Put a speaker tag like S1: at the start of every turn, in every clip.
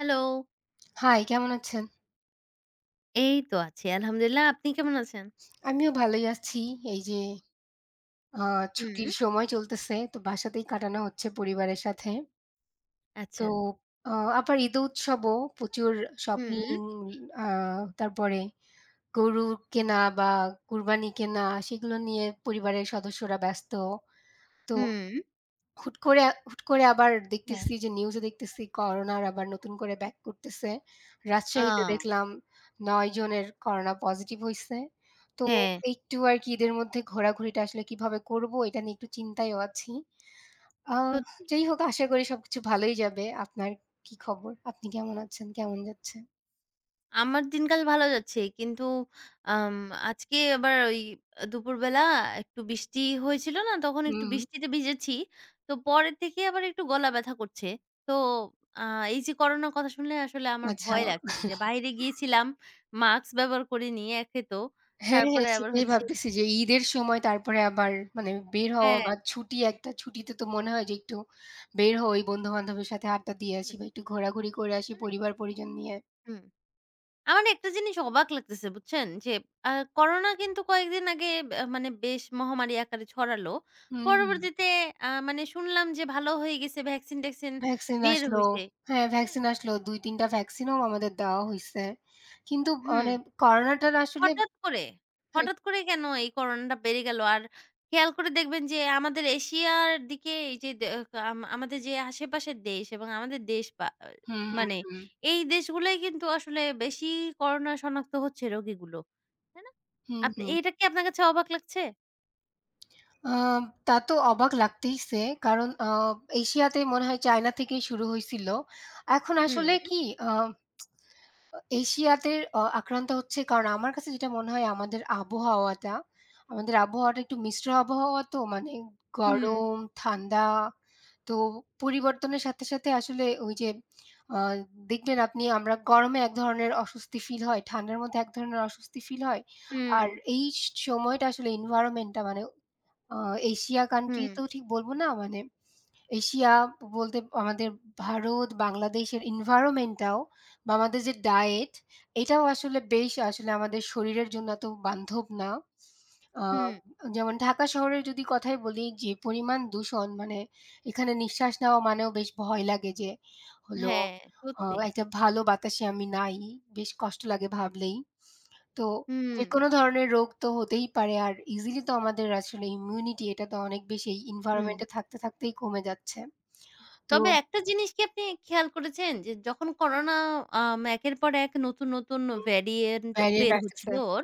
S1: Hello!
S2: High! কেমন আছেন?
S1: এই তো আছি, আলহামদুলিল্লাহ, আপনি কেমন আছেন?
S2: আমিও ভালোই আছি, এই যে। আ
S1: হুম।
S2: ছুটির সময় চলতেছে, তো বাসাতেই কাটানো হচ্ছে, পরিবারের সাথে। তো,
S1: আচ্ছা।
S2: আ আবার ঈদ উৎসবও প্রচুর শপিং,
S1: হুম।
S2: আ তারপরে গরু কেনা বা কুরবানি কেনা, সেগুলো নিয়ে পরিবারের সদস্যরা ব্যস্ত। তো
S1: হুম।
S2: হুট করে, হুট করে আবার
S1: হ্যাঁ।
S2: দেখতেছি যে নিউজ দেখতেছি করোনা আবার নতুন করে ব্যাক করতেছে। রাজশাহীতে
S1: আ-ও।
S2: দেখলাম, ৯ জনের করোনা পজিটিভ হইছে। তো,
S1: হ্যাঁ।
S2: একটু আরকি ঈদের মধ্যে ঘোরাঘুরিটা আসলে কিভাবে করব, এটা নিয়ে একটু চিন্তায়ও আছি। আ
S1: সত্যি।
S2: যাই হোক, আশা করি সবকিছু ভালোই যাবে। আপনার কি খবর? আপনি কেমন আছেন? কেমন যাচ্ছেন?
S1: আমার দিনকাল ভালো যাচ্ছে। কিন্তু আম আজকে আবার ওই দুপুরবেলা একটু বৃষ্টি হয়েছিল না? তখন
S2: হুম,
S1: একটু
S2: হুম।
S1: বৃষ্টিতে ভিজেছি। তো পরের থেকেই আবার একটু গলা ব্যথা করছে। তো আ এই যে করোনার কথা শুনলে আসলে আমার
S2: আচ্ছা।
S1: ভয় লাগছে যে বাইরে গিয়েছিলাম। মাস্ক ব্যবহার করিনি, একে তো।
S2: হ্যাঁ, হ্যাঁ,
S1: তারপরে আবার
S2: সেটাই
S1: হচ্ছে
S2: ভাবতেছি যে, ঈদের সময়, তারপরে আবার মানে বের হওয়া
S1: হ্যাঁ।
S2: বা ছুটি একটা ছুটিতে তো মনে হয় যে একটু বের হই, ওই বন্ধু-বান্ধবের সাথে আড্ডা দিয়ে আসি
S1: হুম।
S2: বা একটু ঘোরাঘুরি করে আসি,
S1: হু।
S2: পরিবার পরিজন নিয়ে।
S1: হুম। আমার না একটা জিনিস অবাক লাগতেছে বুঝছেন যে, আ করোনা কিন্তু কয়েকদিন আগে মানে বেশ মহামারী আকারে ছড়ালো।
S2: হুম, হুম।
S1: পরবর্তীতে, আ মানে শুনলাম যে, ভালো হয়ে গেছে, ভ্যাকসিন-ট্যাক্সিন
S2: ভ্যাকসিন
S1: বের
S2: আসলো,
S1: হইছে।
S2: হ্যাঁ
S1: হ্যা।
S2: ভ্যাকসিন আসলো। ২-৩ টা ভ্যাকসিনও আমাদের দেওয়া হইসে। কিন্তু
S1: হুঁ।
S2: মানে, করোনাটা আসলে
S1: হঠাৎ করে,
S2: হুম।
S1: হঠাৎ করে কেন এই করোনাটা বেড়ে গেল? আর, খেয়াল করে দেখবেন যে, আমাদের এশিয়ার দিকে যে দে আম আমাদের যে আশেপাশের দেশ এবং আমাদের দেশ, বা
S2: হুম, হুম,
S1: মানে
S2: হুম।
S1: এই দেশগুলো কিন্তু আসলে বেশি করোনা শনাক্ত হচ্ছে রোগীগুলো। তাই না?
S2: হুম, হুম।
S1: এটা কি আপনার কাছে অবাক লাগছে?
S2: আম তা তো অবাক লাগতেইছে কারণ আ এশিয়াতে মনে হয় চায়না থেকেই শুরু হইছিল। এখন
S1: হুম।
S2: আসলে কি আ এশিয়াতের আ আক্রান্ত হচ্ছে কারণ আমার কাছে যেটা মনে হয় আমাদের আবহাওয়াটা আমাদের আবহাওয়াটা একটু মিশ্র আবহাওয়া তো, মানে
S1: হুম।
S2: গরম ঠান্ডা তো পরিবর্তনের সাথে সাথে আসলে ওই যে আ দেখবেন আপনি আমরা গরমে এক ধরনের অস্বস্তি ফিল হয় ঠান্ডার মধ্যে এক ধরনের অস্বস্তি ফিল হয়। আর
S1: হুম।
S2: এই স সময়টা আসলে এনভায়রনমেন্টটা মানে আ এশিয়া কান্ট্রি
S1: হুম।
S2: তো ঠিক বলবো না মানে এশিয়া ব বলতে আমাদের ভারত বাংলাদেশের এনভায়রনমেন্টটাও বা আমাদের যে ডায়েট এটাও আসলে বেশ আসলে আমাদের শরীরের জন্য এত বান্ধব না। আ
S1: হুম।
S2: যেমন ঢাকা শহরের যদি কথাই বলি, যে পরিমাণ দূষণ মানে এখানে নিঃশ্বাস নেওয়া মানেও বেশ ভয় লাগে যে হলো
S1: হ্যাঁ,
S2: আ
S1: সত্যি।
S2: একটা ভালো বাতাসে আমি নাই, বেশ কষ্ট লাগে ভাবলেই। তো
S1: হুম।
S2: যেকোনো ধরনের রোগ তো হতেই পারে আর ইজিলি তো আমাদের আসলে ইমিউনিটি এটা তো অনেক বেশি এই
S1: হুম।
S2: এনভায়রনমেন্টে থাকতে, থাকতেই কমে যাচ্ছে তো।
S1: তবে একটা জিনিস কি আপনি খেয়াল করেছেন যে যখন করোনা আম একের পর এক নতুন, নতুন
S2: হুম।
S1: ভেরিয়েন্ট
S2: ভেরিয়েন্ট
S1: বের
S2: আসতেছে।
S1: হচ্ছিল ওর।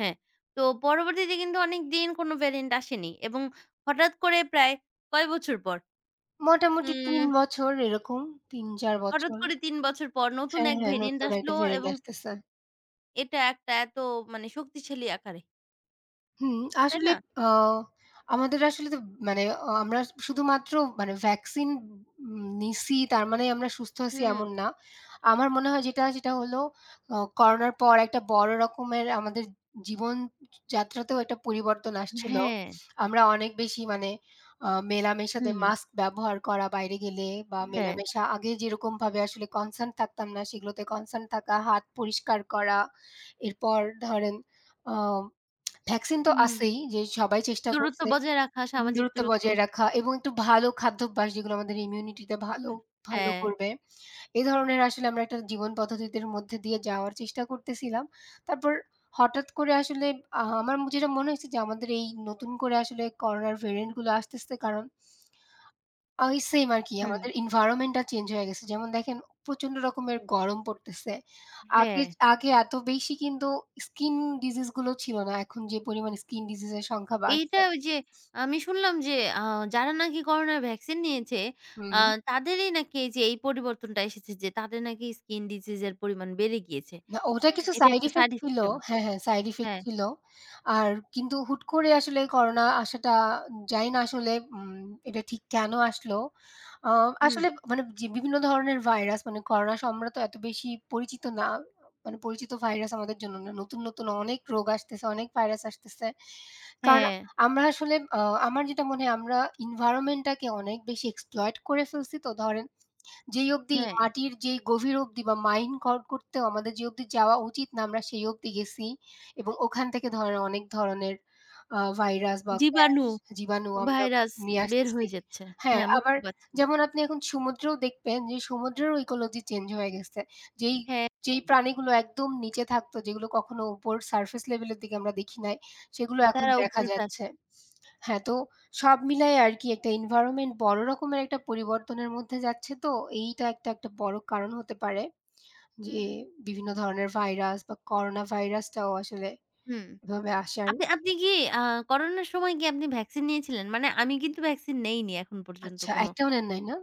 S1: হ্যাঁ, তো পরবর্তীতে কিন্তু অনেকদিন কোন ভেরিয়োন্ট আসেনি। এবং হঠাৎ করে প্রায় কয় বছর পর?
S2: মোটামুটি ৩
S1: হুম।
S2: বছর এরকম, ৩-৪
S1: হঠাৎ
S2: বছর।
S1: করে ৩ বছর পর নতুন
S2: হ্যাঁ,
S1: এক
S2: হ্যাঁ,
S1: ভেরিয়েন্ট
S2: নতুন
S1: আসল
S2: একটা ভেরিয়েন্ট
S1: এবং
S2: আসতেছে।
S1: এটা একটা এত মানে শক্তিশালী আকারে।
S2: হুম,
S1: তাই
S2: আসলে
S1: না?
S2: অ আমাদের আসলে [unintelligible] মানে অ আমরা শুধুমাত্র মানে ভ্যাকসিন ইন নিছি, তার মানে আমরা সুস্থ আছি
S1: হুম।
S2: এমন না। আমার মনে হয় যেটা সেটা হলো আ করোনার পর একটা বড় রকমের আমাদের জীবনযাত্রাতেও একটা পরিবর্তন আসছিলো।
S1: হ্যাঁ।
S2: আমরা অনেক বেশি মানে আ মেলামেশাতে
S1: হুম।
S2: মাস্ক ব্যবহার করা বাইরে গেলে বা
S1: হ্যাঁ।
S2: মেলামেশা আগে যেরকমভাবে আসলে কনসার্ন থাকতাম না সেগুলোতে কনসার্ন থাকা, হাত পরিষ্কার করা। এরপর ধরেন আম ভ্যাকসিন তো
S1: হুম।
S2: আছেই যে সবাই চেষ্টা
S1: দূরত্ব
S2: করছে
S1: বজায় রাখা,
S2: [unintelligible]
S1: সামাজিক
S2: দূরত্ব
S1: দূরত্ব।
S2: বজায় রাখা এবং একটু ভালো খাদ্যাভ্যাস যেগুলো আমাদের ইমিউনিটিতে ভালো, ভালো
S1: অ্যা
S2: করবে। এ ধরনের আসলে আমরা একটা জীবন পদ্ধতিদের মধ্যে দিয়ে যাওয়ার চেষ্টা করতেছিলাম। তারপর হঠাৎ করে আসলে আহা আমার যেটা মনে হয়েছে যে আমাদের এই নতুন করে আসলে করোনার ভেরিয়ান্ট গুলো আসতেছে কারণ ওই সেইম আরকি আমাদের
S1: হুম।
S2: এনভায়রনমেন্ট টা চেঞ্জ হয়ে গেছে। যেমন দেখেন অম প্রচণ্ড রকমের গরম পড়তেছে। আগে,
S1: হ্যাঁ।
S2: আগে এত বেশি কিন্তু স্কিন ডিসিজ গুলো ছিলো না, এখন যে পরিমাণে স্কিন ডিসিজ এর সংখ্যা বাড়ছে।
S1: এইটা ঐ যে আমি শুনলাম যে আ যারা নাকি করোনা ভ্যাকসিন নিয়েছে আ
S2: হুম।
S1: তাদেরই নাকি এই যে এই পরিবর্তনটা এসেছে যে তাদের নাকি স্কিন ডিসিজ এর পরিমাণ বেড়ে গিয়েছে।
S2: না ওটা
S1: হুম
S2: কিছু
S1: এটা
S2: সাইড
S1: একটা
S2: ইফেক্ট
S1: সাইড
S2: ছিলো।
S1: ইফেক্ট এর মতো।
S2: হ্যাঁ, হ্যাঁ সাইড ইফেক্ট
S1: হ্যাঁ।
S2: ছিলো। আর কিন্তু হুট করে আসলে করোনা আসাটা, জানি না আসলে উম এটা ঠিক কেনো আসলো। আ
S1: হুম।
S2: আসলে [unintelligible] বিভিন্ন ধরনের ভাইরাস মানে করোনা সম্রত এত বেশি পরিচিত না, অ আ মানে পরিচিত ভাইরাস আমাদের জন্য না। নতুন, নতুন অনেক রোগ আসতেছে, অনেক ভাইরাস আসতেছে। কারণ
S1: হ্যাঁ।
S2: আমরা আসলে আ আমার যেটা মনে হয় আমরা এনভায়রনমেন্ট টাকে অনেক বেশি এক্সপ্লয়েট করে ফেলছি, তো ধরেন যেই অবধি
S1: হ্যাঁ।
S2: মাটির যেই গভীর অবধি বা মাইন কর করতেও আমাদের যে অবধি যাওয়া উচিত না আমরা সেই অবধি গেছি এবং ওখান থেকে ধরেন অনেক ধরনের আ ভাইরাস বা গ্যাস
S1: জীবাণু,
S2: জীবাণু আমরা
S1: ভাইরাস
S2: নিয়ে
S1: বের
S2: আসতেছি।
S1: হয়ে যাচ্ছে।
S2: হ্যাঁ,
S1: হ্যাঁ
S2: আবার
S1: মুক্তি পাচ্ছে।
S2: যেমন আপনি এখন সমুদ্রেও দেখবেন যে সমুদ্রেরও ইকোলজি চেঞ্জ হয়ে গেছে। যেই
S1: হ্যাঁ।
S2: যেই প্রাণীগুলো একদম নিচে থাকতো যেগুলো কখনো উপর সারফেস লেভেলের দিকে আমরা দেখি নাই সেগুলো এখন
S1: তারা
S2: দেখা
S1: উপরে [unintelligible]
S2: যাচ্ছে। হ্যাঁ, তো সব মিলায় আরকি একটা এনভায়রনমেন্ট বড়ো রকমের একটা পরিবর্তনের মধ্যে যাচ্ছে তো এইটা একটা একটা বড়ো কারণ হতে পারে, যে
S1: হুম।
S2: বিভিন্ন ধরনের ভাইরাস বা করোনা ভাইরাসটাও আসলে
S1: হুম।
S2: এভাবে আসার।
S1: আপনি আপনি কি আ করোনার সময় কী আপনি ভ্যাকসিন নিয়েছিলেন? মানে আমি কিন্তু ভ্যাকসিন নেইনি এখন পর্যন্ত
S2: আচ্ছা,
S1: কোনো
S2: একটাও নেন নাই না?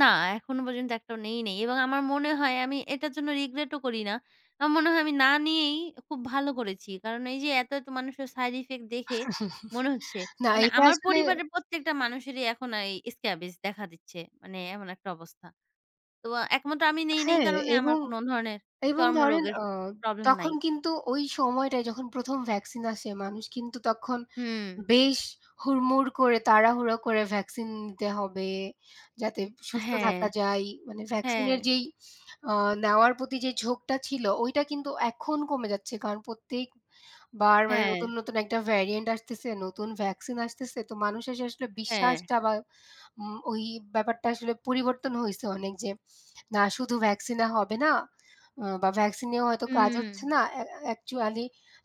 S1: না এখনো পর্যন্ত একটাও নেই নাই। এবং আমার মনে হয় আমি এটার জন্য রিগ্রেট ও করি না। আমার মনে হয় আমি না নিয়েই খুব ভালো করেছি। কারণ এই যে এত, এত মানুষের সাইড ইফেক্ট দেখে মনে হচ্ছে।
S2: না
S1: মানে
S2: এটা
S1: আমার
S2: আসলে।
S1: পরিবারের প্রত্যেকটা মানুষেরই এখন এই স্ক্রাবজ দেখা দিচ্ছে, মানে এমন একটা অবস্থা। তো একমত আমি নেই, নেই এই
S2: হ্যাঁ,
S1: কারণে আমার
S2: এবং,
S1: কোন ধরনের
S2: এবং ধরেন
S1: চর্মরোগের
S2: আ
S1: প্রবলেম নাই।
S2: তখন কিন্তু ওই সময়টায় যখন প্রথম ভ্যাকসিন আসে মানুষ কিন্তু তখন
S1: হুম।
S2: বেশ হুড়মুড় করে তাড়াহুড়ো করে ভ্যাকসিন নিতে হবে যাতে সুস্থ
S1: হ্যাঁ।
S2: থাকা যায়, মানে ভ্যাকসিনের
S1: হ্যাঁ।
S2: যেই অ্যা নেওয়ার প্রতি যেই ঝোঁকটা ছিল ওইটা কিন্তু এখন কমে যাচ্ছে কারণ, প্রত্যেক বারবার মানে নতুন,
S1: হ্যাঁ।
S2: নতুন একটা ভ্যারিয়োন্ট আসতেছে নতুন ভ্যাকসিন আসতেছে তো মানুষ এসে আসলে
S1: হ্যাঁ।
S2: বিশ্বাসটা বা উম ওই ব্যাপারটা আসলে পরিবর্তন হইছে অনেক যে না শুধু ভ্যাকসিন এ হবে না। অ্যা বা ভ্যাকসিন এও হয়তো কাজ হচ্ছে
S1: হুম।
S2: না। অ্যা অ্যা অ্যাকচুয়ালি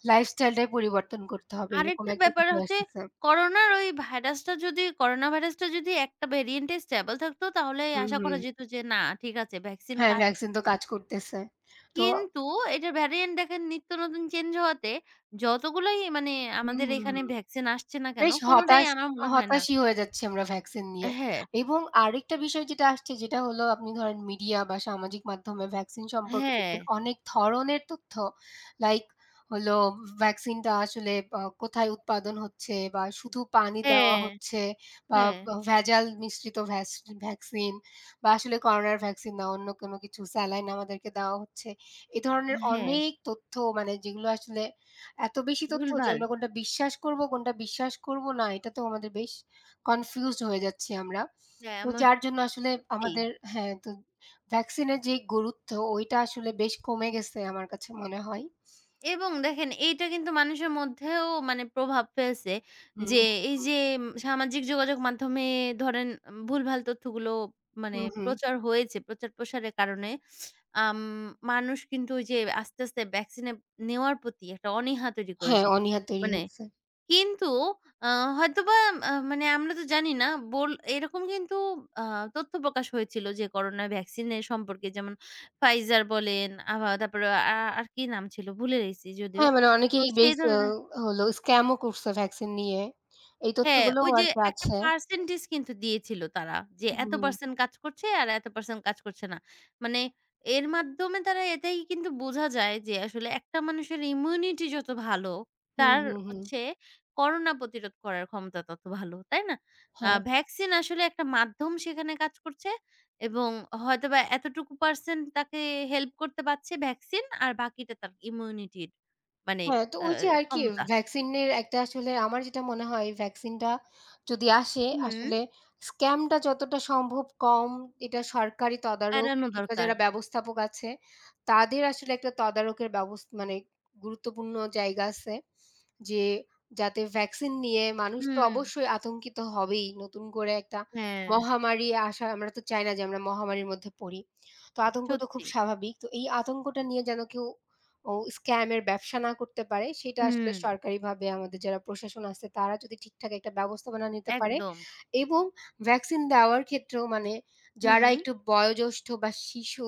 S2: লাইফস্টাইল টাই পরিবর্তন করতে হবে। এরকম
S1: আরেকটা
S2: একটা
S1: ব্যাপার
S2: বিষয়
S1: হচ্ছে,
S2: আসতেছে।
S1: করোনা ওই ভাইরাসটা যদি, করোনা ভাইরাসটা যদি একটা ভেরিয়েন্ট এ স্টেবল থাকত, তাহলে
S2: হুম,
S1: আশা
S2: হুম।
S1: করা যেত যে না ঠিক আছে, ভ্যাকসিন
S2: হ্যাঁ
S1: কাজ
S2: ভ্যাকসিন তো
S1: করবে।
S2: কাজ করতেছে। তো
S1: কিন্তু এটা ভেরিয়ান্ট দেখেন নিত্য নতুন চেঞ্জ হওয়াতে, যতগুলোই মানে আমাদের
S2: হুম।
S1: এখানে ভ্যাকসিন আসছে না কেন
S2: বেশ
S1: কোনটাই
S2: হতাশ,
S1: আমার মনে হয় না
S2: হতাশি হয়ে যাচ্ছি আমরা ভ্যাকসিন নিয়ে।
S1: হ্যাঁ।
S2: এবং আরেকটা বিষয় যেটা আসছে যেটা হলো আপনি ধরেন মিডিয়া বা সামাজিক মাধ্যমে ভ্যাকসিন সম্পর্কে দেখবেন
S1: হ্যাঁ।
S2: অনেক ধরনের তথ্য লাইক হলো ভ ভ্যাকসিনটা আসলে কোথায় উৎপাদন হচ্ছে বা শুধু পানি দেওয়া
S1: অ্যাঁ
S2: হচ্ছে বা
S1: হ্যাঁ।
S2: ভেজাল মিশ্রিত ভ্যাস ভ্যাকসিন বা আসলে করোনার ভ্যাকসিন বা অন্য কোনো কিছু, স্যালাইন আমাদেরকে দেওয়া হচ্ছে। এ ধরনের
S1: হ্যাঁ।
S2: অনেক তথ্য মানে যেগুলো আসলে এত বেশি তথ্য যে
S1: ভুলভাল।
S2: আমরা কোনটা বিশ্বাস করব, কোনটা বিশ্বাস করব না, এটা তো আমাদের বেশ কনফিউজড হয়ে যাচ্ছি আমরা।
S1: হ্যাঁ,
S2: তো
S1: আমা
S2: যার জন্য আসলে
S1: সত্যি।
S2: আমাদের হ্যাঁ, ভ্যাকসিনের যেই গুরুত্বটা আসলে বেশ কমে গেছে আমার কাছে মনে হয়।
S1: এবং দেখেন এইটা কিন্তু মানুষের মধ্যেও মানে প্রভাব ফেলছে। যে
S2: হুম।
S1: এই যে সামাজিক যোগাযোগ মাধ্যমে ধরেন ভুলভাল তথ্যগুলো মানে
S2: হুম, হুম।
S1: প্রচার হয়েছে, প্রচার-প্রসারের কারণে আ ম মানুষ কিন্তু ওই যে আস্তে, আস্তে ভ্যাকসিনে নেওয়ার প্রতি একটা অনীহা তৈরি
S2: হ্যাঁ,
S1: করেছে।
S2: অনীহার তৈরি হয়
S1: মানে
S2: গেসে।
S1: কিন্তু আ হয়তোবা মানে আমরা তো জানি না, বোল এরকম কিন্তু আ তথ্য প্রকাশ হয়েছিল যে, করোনা ভ্যাকসিন এর সম্পর্কে যেমন ফাইজার বলেন, আভা তারপরে আ আর কি নাম ছিল ভুলে গেছি যদিও,
S2: হ্যাঁ, মানে
S1: তো
S2: অনেকেই
S1: সেই
S2: বেশ হো
S1: ধরনের
S2: হলো স্কাম ও করছে ভ্যাকসিন নিয়ে। এই
S1: হ্যাঁ,
S2: তথ্যগুলোও
S1: ওই যে
S2: আর কি
S1: একটা
S2: আছে।
S1: পার্সেন্টেজ কিন্তু দিয়েছিল তারা। যে এত
S2: হুম।
S1: পারসেন্ট কাজ করছে আর এত পারসেন্ট কাজ করছে না। মানে এর মাধ্যমে তারা এটাই কিন্তু বুঝা যায় যে আসলে একটা মানুষের ইমিউনিটি যত ভালো
S2: হুম,
S1: তার
S2: হুম, হুম।
S1: হচ্ছে করোনা প্রতিরোধ করার ক্ষমতা তত ভালো, তাই না? আ
S2: হ্যাঁ।
S1: ভ্যাকসিন আসলে একটা মাধ্যম সেখানে কাজ করছে। এবং হয়তোবা এতটুকু পারসেন তাকে হেল্প করতে পারছে ভ্যাকসিন আর বাকিটা তার ইমিউনিটির মানে
S2: হ্যাঁ, তো
S1: অ্যা
S2: ওই যে আর কি
S1: ক্ষমতা।
S2: ভ্যাকসিনের একটা আসলে আমার যেটা মনে হয় ভ্যাকসিনটা যদি আসে আসলে
S1: হুম।
S2: স্ক্যামটা যতটা সম্ভব কম, এটা সরকারি তদারক
S1: এড়ানো
S2: কিংবা
S1: দরকার।
S2: যারা ব্যবস্থাপক আছে তাদের আসলে একটা তদারকের ব্যবস্থা মানে গুরুত্বপূর্ণ জায়গা আছে যে, যাতে ভ্যাকসিন নিয়ে মানুষ তো
S1: হুম।
S2: অবশ্যই আতঙ্কিত হবেই, নতুন করে একটা
S1: হ্যাঁ।
S2: মহামারী আসা আমরা তো চাই না যে আমরা মহামারির মধ্যে পড়ি। তো আতঙ্ক তো খুব
S1: সত্যি।
S2: স্বাভাবিক। তো এই আতঙ্কটা নিয়ে যেন কেউ ও স্ক্যামের ব্যবসা না করতে পারে সেটা আসলে
S1: হুম।
S2: সরকারিভাবে আমাদের যারা প্রশাসন আসছে তারা যদি ঠিকঠাক একটা ব্যবস্থাপনা নিতে পারে
S1: একদম।
S2: এবং ভ্যাকসিন দেওয়ার ক্ষেত্রেও মানে, যারা
S1: হুম।
S2: একটু বয়োজ্যেষ্ঠ বা শিশু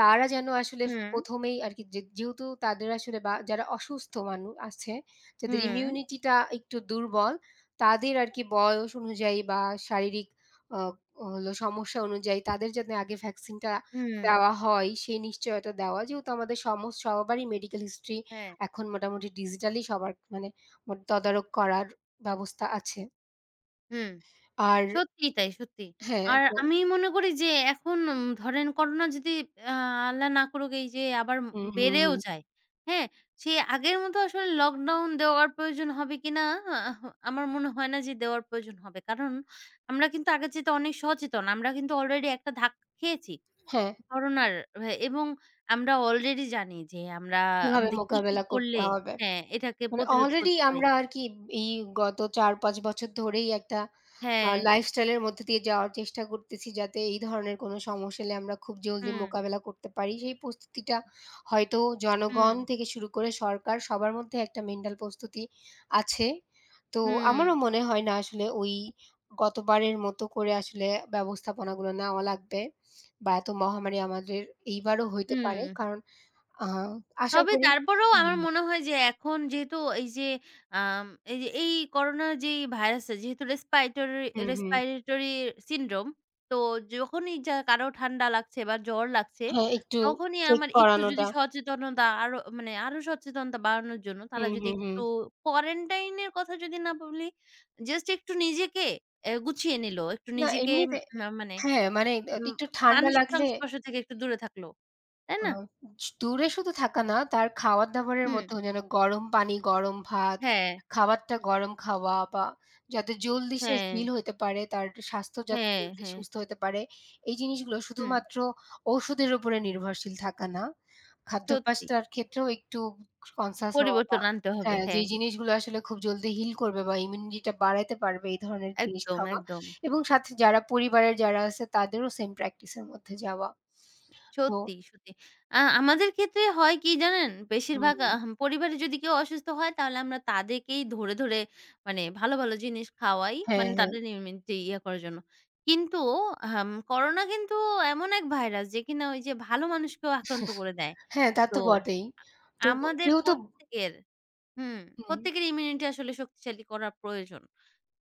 S2: তারা যেন আসলে
S1: হুম।
S2: প্রথমেই আর কি যে যেহেতু তাদের আসলে বা যারা অসুস্থ মানু আছে, যাদের
S1: হুম।
S2: ইমিউনিটিটা একটু দুর্বল, তাদের আর কি বয়স অনুযায়ী বা শারীরিক আ হলো সমস্যা অনুযায়ী তাদের যাতে আগে ভ্যাকসিনটা
S1: হুম।
S2: দেওয়া হয়, সেই নিশ্চয়তা দেওয়া যেহেতু আমাদের সম সবারই মেডিকেল হিস্ট্রি
S1: হ্যাঁ।
S2: এখন মোটামুটি ডিজিটালি সবার মানে তদারক করার ব্যবস্থা আছে।
S1: হুম,
S2: আর।
S1: সত্যিই তাই, সত্যি।
S2: হ্যাঁ
S1: আর
S2: তো
S1: আমি মনে করি যে এখন উম ধরেন করোনা যদি আ আল্লাহ না করুক এই যে আবার ম
S2: হুম, হুম,
S1: বেড়েও
S2: হুম।
S1: যায়। হ্যাঁ, সে আগের মতো আসলে লকডাউন দেওয়ার প্রয়োজন হবে কিনা আমার আহ মনে হয় না যে দেওয়ার প্রয়োজন হবে, কারণ আমরা কিন্তু আগের চাইতে অনেক সচেতন, আমরা কিন্তু আলরেডি একটা ধাক্কা খেয়েছি
S2: হ্যাঁ।
S1: করোনার এবং আমরা আলরেডি জানি যে, আমরা
S2: কিভাবে
S1: আমাদের কি, কি
S2: মোকাবিলা
S1: করলে?
S2: করতে হবে?
S1: হ্যাঁ, এটাকে
S2: মানে
S1: প্রতিরোধ
S2: অলরেডি
S1: করতে পারি?
S2: আমরা আর কি এই গত ৪-৫ বছর ধরেই একটা আ
S1: হ্যাঁ।
S2: লাইফ স্টাইলের মধ্যে দিয়ে যাওয়ার চেষ্টা করতেছি যাতে এই ধরনের কোনো সমস্যা এলে আমরা খুব জলদি
S1: হুম।
S2: মোকাবিলা করতে পারি, সেই প্রস্তুতিটা হয়তো জনগণ
S1: উম।
S2: থেকে শুরু করে সরকার সবার মধ্যে একটা মেন্টাল প্রস্তুতি আছে। তো
S1: হুম।
S2: আমারও মনে হয় না আসলে ওই গতবারের মতো করে আসলে ব্যবস্থাপনাগুলো নেওয়া লাগবে বা এত মহামারি আমাদের এইবারও হইতে পারে,
S1: উম।
S2: কারণ আ আশা
S1: তবে
S2: করি।
S1: তারপরেও আমার
S2: উম
S1: মনে হয় যে, এখন যেহেতু এই যে আম এই যে এই করোনা যেই ভাইরাস টা যেহেতু রেস্পাইটরি
S2: হুম, হুম।
S1: respiratory syndrome, তো যখনই যা কারো ঠান্ডা লাগছে বা জ্বর লাগছে,
S2: হ্যাঁ, একটু
S1: তখনই
S2: চেক
S1: আমার একটু যদি
S2: করানোটা।
S1: সচেতনতা আরো, মানে আরো সচেতনতা বাড়ানোর জন্য তারা
S2: হুম,
S1: যদি
S2: হুম, হুম।
S1: একটু কোয়ারেন্টাইন এর কথা যদি না বলি, জাস্ট একটু নিজেকে অ্যা গুছিয়ে নিল, একটু
S2: না
S1: নিজেকে
S2: এমনিতে,
S1: ম মানে
S2: হ্যাঁ, মানে [unintelligible]
S1: উম
S2: একটু ঠান্ডা
S1: মানুষের
S2: লাগলে
S1: সংস্পর্শ থেকে একটু দূরে থাকল, তাই
S2: আ
S1: না
S2: ছ দূরে শুধু থাকা না তার খাওয়ার-দাবারের
S1: হুম।
S2: মধ্যে যেন গরম পানি, গরম ভাত
S1: হ্যাঁ।
S2: খাবারটা গরম খাওয়া বা যাতে জলদি সে
S1: হ্যাঁ।
S2: হিল হইতে পারে, তার একটু স্বাস্থ্য যাতি [unintelligible]
S1: হ্যাঁ,
S2: জলদি
S1: হ্যাঁ।
S2: সুস্থ হতে পারে। এই জিনিসগুলো
S1: হুম।
S2: শুধুমাত্র ওষুধের উপরে নির্ভরশীল থাকা না,
S1: সত্যি।
S2: খাদ্যপ্যাস্তার ক্ষেত্রেও একটু কনসিয়াস হওয়া বা
S1: পরিবর্তন আনতে হবে,
S2: হ্যাঁ
S1: হ্যাঁ।
S2: যেই জিনিসগুলো আসলে খুব জলদি হিল করবে বা ইমিউনিটিটা বাড়াতে পারবে এই ধরনের জিনিস
S1: একদম,
S2: খাওয়া
S1: একদম।
S2: এবং সাথে যারা পরিবারের যারা আছে তাদেরও সেম প্র্যাকটিসের মধ্যে যাওয়া। তো
S1: সত্যি, সত্যি। আ আমাদের ক্ষেত্রে হয় কি জানেন,
S2: হুম,
S1: বেশিরভাগ
S2: উম।
S1: আহ পরিবারে যদি কেউ অসুস্থ হয় তাহলে আমরা তাদেরকেই ধরে, ধরে মানে ভালো ভালো জিনিস খাওয়াই,
S2: হ্যাঁ,
S1: মানে
S2: হ্যাঁ।
S1: তাদের ইমিউনিটি ইয়ে করার জন্য। কিন্তু আহম করোনা কিন্তু এমন এক ভাইরাস যে কিনা ওইযে ভালো মানুষকেও আক্রান্ত করে দেয়।
S2: হ্যাঁ, তা
S1: তো
S2: তো বটেই।
S1: আ
S2: তো
S1: আমাদের
S2: কেউ তো
S1: প্রত্যেকের, হুম,
S2: হুম।
S1: প্রত্যেকের ইমিউনিটি আসলে শক্তিশালী করা প্রয়োজন।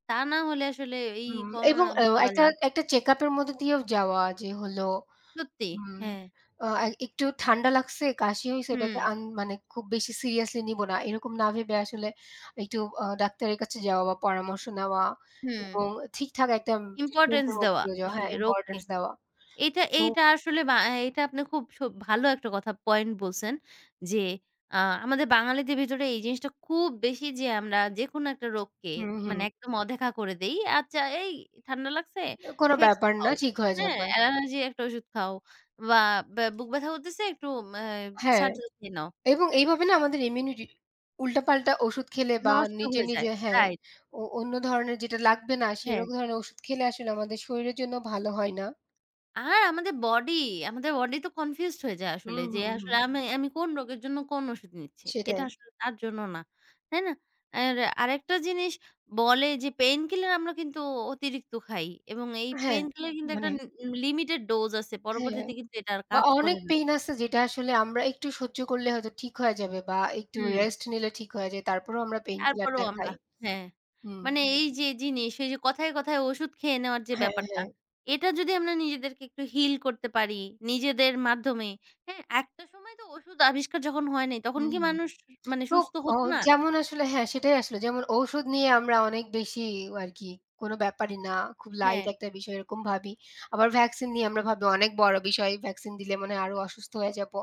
S1: তা না হলে আসলে এই
S2: হুম এবং
S1: করোনা
S2: অ্যাও একটা,
S1: মোকাবেলা
S2: একটা চেক আপ এর মধ্যে দিয়েও যাওয়া যে হলো,
S1: সত্যি,
S2: হুম,
S1: হ্যাঁ।
S2: আ এ একটু ঠান্ডা লাগছে, কাশি হইছে ওটাকে
S1: হুম।
S2: আন, মানে খুব বেশি সিরিয়াসলি নিবো না। এরকম না ভেবে, আসলে একটু আ ডাক্তারের কাছে যাওয়া বা পরামর্শ নেওয়া,
S1: হুম।
S2: এবং ঠিকঠাক একটা ট্রিটমেন্ট
S1: ইম্পোর্টেন্স
S2: এর মধ্যে
S1: দেওয়া
S2: দিয়েও যাওয়া। হ্যাঁ,
S1: আসলে রোগকে।
S2: ইম্পোর্টেন্স দেওয়া।
S1: এইটা,
S2: তো
S1: এইটা আসলে ব্যা এটা আপনি খুব সু ভালো একটা কথা পয়েন্ট বলছেন যে, আ আমাদের বাঙালিতে ভিতরে এই জিনিসটা খুব বেশি যে আমরা যেকোনো একটা রোগকে
S2: হুম, হুম।
S1: মানে একদম অদেখা করে দেই। আচ্ছা এই ঠান্ডা লাগছে?
S2: কোনো
S1: "ইফেক্টসও"
S2: ব্যাপার না,
S1: খাও,
S2: ঠিক হয়ে
S1: হ্যাঁ।
S2: যাবে।
S1: অ্যালার্জি একটা ঔষুধ খাও, বা ব্যা বুক ব্যথা হতেছে ম্যা একটু
S2: হ্যাঁ,
S1: "সারজেল" খেয়ে নাও,
S2: এবং
S1: তাই না?
S2: এইভাবে না আমাদের ইমিউনিটি উল্টাপাল্টা ওষুধ খেলে বা
S1: নষ্ট
S2: নিজে,
S1: হয়ে যায়,
S2: নিজে হ্যাঁ,
S1: রাইট।
S2: ও অন্য ধরনের যেটা লাগবে না
S1: হ্যাঁ।
S2: সেরকম ধরনের ওষুধ খেলে আসলে আমাদের শরীরের জন্য ভালো হয় না।
S1: আর আমাদের বডি, আমাদের বডি তো কনফিউজড হয়ে যায় আসলে।
S2: হুম,
S1: যে
S2: হুম,
S1: আসলে
S2: হুম।
S1: আমি আমি কোন রোগের জন্য কোন ঔষুধ নিচ্ছি। এটা
S2: সেটাই।
S1: আসলে তার জন্য না। তাই না? আর আরেকটা জিনিস বলে যে, পেইনকিলার আমরা কিন্তু অতিরিক্ত খাই। এবং এই
S2: হ্যাঁ,
S1: পেইনকিলার কিন্তু একটা
S2: মানে
S1: লি লিমিটেড ডোজ আছে।
S2: হ্যাঁ,
S1: পরবর্তীতে কিন্তু এটা আর
S2: বা
S1: কাজ
S2: অনেক
S1: করে না।
S2: পেইন আছে, যেটা আসলে আমরা একটু সহ্য করলে হয়তো ঠিক হইয়া যাবে, বা একটু
S1: হুম।
S2: রেস্ট নিলে ঠিক হইয়া যায়। তারপরও আমরা পেইনকিলার
S1: তারপরও
S2: টা
S1: আমরা
S2: খাই।
S1: হ্যাঁ।
S2: হুম।
S1: মানে এই যে এই জিনিস, এই যে কথায়, কথায় ওষুধ খেয়ে নেওয়ার যে
S2: হ্যাঁ,
S1: ব্যাপারটা,
S2: হ্যাঁ।
S1: এটা যদি আমরা নিজেদেরকে একটু হিল করতে পারি, নিজেদের মাধ্যমে। হ্যাঁ, একটা সময় তো ওষুধ আবিষ্কার যখন হয় নাই, তখন
S2: হুম,
S1: কি
S2: হুম।
S1: মানুষ মানে
S2: তো,
S1: সুস্থ
S2: অ
S1: হত না?
S2: যেমন আসলে হ্যাঁ, সেটাই আসলে। যেমন ঔষুধ নিয়ে আমরা অনেক বেশিই আরকি, কোন ব্যাপারই না, খুব লাইট
S1: হ্যাঁ।
S2: একটা বিষয়, এরকম ভাবি। আবার ভ্যাকসিন নিয়ে আমরা ভাবি, অনেক বড় বিষয়। ভ্যাকসিন দিলে মনে হয় আরো অসুস্থ হয়ে যাবো।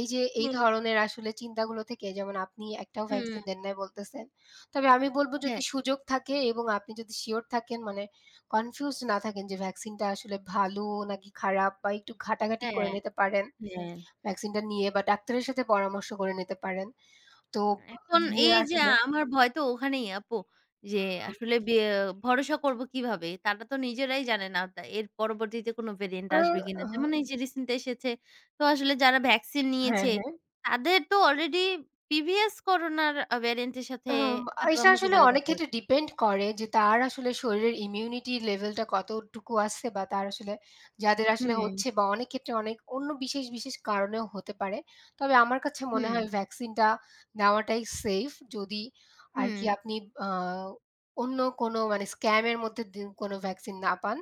S2: এই যে এই
S1: হুম।
S2: ধরনের আসলে চিন্তাগুলো থেকে, যেমন আপনি একটাও
S1: হুম।
S2: ভ্যাকসিন দেন নাই বলতেছেন। তবে আমি বলব, যদি
S1: হ্যাঁ।
S2: সুযোগ থাকে এবং আপনি যদি শিওর থাকেন, মানে কনফিউজড না থাকেন যে ভ্যাকসিন টা আসলে ভালো নাকি খারাপ, বা একটু ঘাটাঘাটি করে
S1: হ্যাঁ,
S2: নিতে পারেন,
S1: হ্যাঁ।
S2: ভ্যাকসিন টা নিয়ে, বা ডাক্তারের সাথে পরামর্শ করে নিতে পারেন। তো
S1: এখন
S2: নিয়ে
S1: এই যে
S2: আসলে
S1: আমার ভয় তো ওখানেই, আপু। যে
S2: আচ্ছা।
S1: আসলে বি এ ভরসা করব কিভাবে? তারা তো নিজেরাই জানে না তা এর পরবর্তীতে কোন ভেরিয়েন্ট
S2: ও
S1: আসবে কিনা?
S2: ওহ।
S1: যেমন এই যে রিসেন্ট এসেছে। তো আসলে যারা ভ্যাকসিন
S2: হ্যাঁ,
S1: নিয়েছে,
S2: হ্যাঁ।
S1: তাদের তো অলরেডি প্রিভিয়াস করোনার ভেরিয়েন্ট এর সাথে
S2: আম
S1: হয়তোবা
S2: এটা আসলে
S1: মোকাবেলা
S2: অনেক
S1: করতে হবে।
S2: ক্ষেত্রে ডিপেন্ড করে যে, তার আসলে শরীরের ইমিউনিটি লেভেলটা কতটুকু আছে, বা তার আসলে যাদের আসলে
S1: হুম।
S2: হচ্ছে, বা অনেক ক্ষেত্রে অনেক অন্য বিশেষ, বিশেষ কারণেও হতে পারে। তবে আমার কাছে মনে
S1: হুম।
S2: হয়, ভ্যাকসিনটা নেওয়াটাই সেইফ, যদি আরকি
S1: হুম।
S2: আপনি আ অন্য কোনো মানে স্ক্যামের মধ্যে দি কোনো ভ্যাকসিন না পান।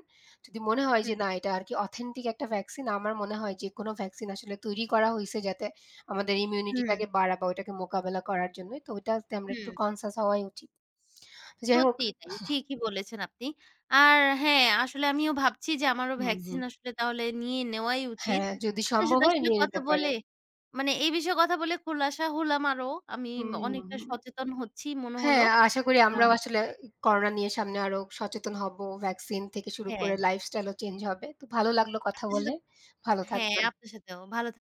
S2: যদি মনে হয় যে,
S1: হুম।
S2: না এটা আরকি অথেন্টিক একটা ভ্যাকসিন, আমার মনে হয় যে কোনো ভ্যাকসিন আসলে তৈরি করা হইছে, যাতে আমাদের
S1: হুম।
S2: ইমিউনিটিটাকে বাড়াবে, ওইটাকে মোকাবেলা করার জন্যই। তো ওইটাতে আমরা একটু
S1: হুম।
S2: কনসিয়াস হওয়াই উচিত। যাই হোক
S1: সত্যিই তাই। ঠিকই বলেছেন আপনি। আর হ্যাঁ, আসলে আমিও ভাবছি যে, আমারও
S2: হুম, হুম।
S1: ভ্যাকসিন আসলে তাহলে নিয়ে নেওয়াই উচিত।
S2: হ্যাঁ, যদি
S1: আপনার
S2: সম্ভব
S1: সাথে
S2: হয়
S1: আসলে
S2: নিয়ে
S1: কথা
S2: নিতে
S1: বলে,
S2: পারেন।
S1: মানে এই বিষয়ে কথা বলে খোলাসা হলাম আরও, আমি
S2: হুম।
S1: অনেকটা সচেতন হচ্ছি মনে হলো।
S2: হ্যাঁ, আশা করি
S1: আ
S2: আমরাও আসলে করোনা নিয়ে সামনে আরও সচেতন হব। ভ্যাকসিন থেকে শুরু করে
S1: হ্যাঁ।
S2: লাইফস্টাইলও চেঞ্জ হবে। তো ভালো লাগলো কথা
S1: আপনার সাথে
S2: বলে। ভালো
S1: হ্যাঁ,
S2: থাকবেন।
S1: আপনার সাথেও ভালো থা